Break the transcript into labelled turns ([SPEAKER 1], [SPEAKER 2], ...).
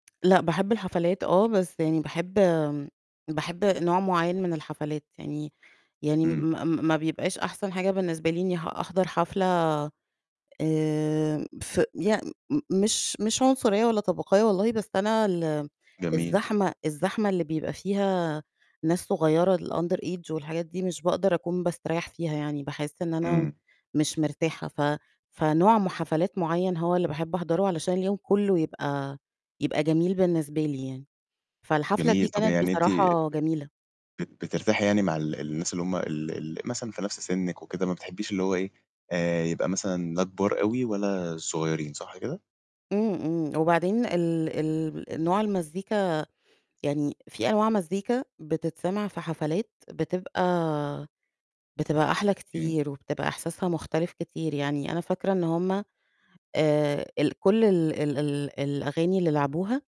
[SPEAKER 1] لأ، باحب الحفلات. آه، بس يعني باحب باحب نوع مُعيّن من الحفلات، يعني يعني
[SPEAKER 2] إمم.
[SPEAKER 1] ما ما بيبقاش أحسن حاجة بالنسبة لي إني ه أحضر حفلة، آآ، ف ي مش مش عنصرية، ولا طبقية والله، بس أنا ال
[SPEAKER 2] جميل.
[SPEAKER 1] الزحمة الزحمة اللي بيبقى فيها ناس صغيرة الunder age والحاجات دي، مش باقدَر أكون باستريّح فيها يعني، باحس إن أنا
[SPEAKER 2] إمم.
[SPEAKER 1] مش مرتاحة، ف فنوع م حفلات مُعيّن هو اللي باحب أحضره، علشان اليوم كلّه يبقى يبقى جميل بالنسبة لي يعني، فالحفلة دي
[SPEAKER 2] جميل. طَب
[SPEAKER 1] كانت
[SPEAKER 2] يعني أنتِ
[SPEAKER 1] بصراحة جميلة.
[SPEAKER 2] بت بترتاحي يعني مع ال الناس اللي هُم ال ال مثلًا في نفس سِنِّك وكده، ما بتحبيش اللي هو إيه، آآ، يبقى مثلًا لا كبار أوي، ولا صغيّرين، صح كده؟
[SPEAKER 1] إمم، إمم. وبعدين ال ال نوع المزيكا، يعني فيه أنواع مزيكا بتتسمع في حفلات، بتبقى بتبقى أحلى
[SPEAKER 2] إمم.
[SPEAKER 1] كتير، وبتبقى إحساسها مختلف كتير، يعني أنا فاكرة إن هُم آآ ال كلّ ال ال ال الأغاني اللي لعبوها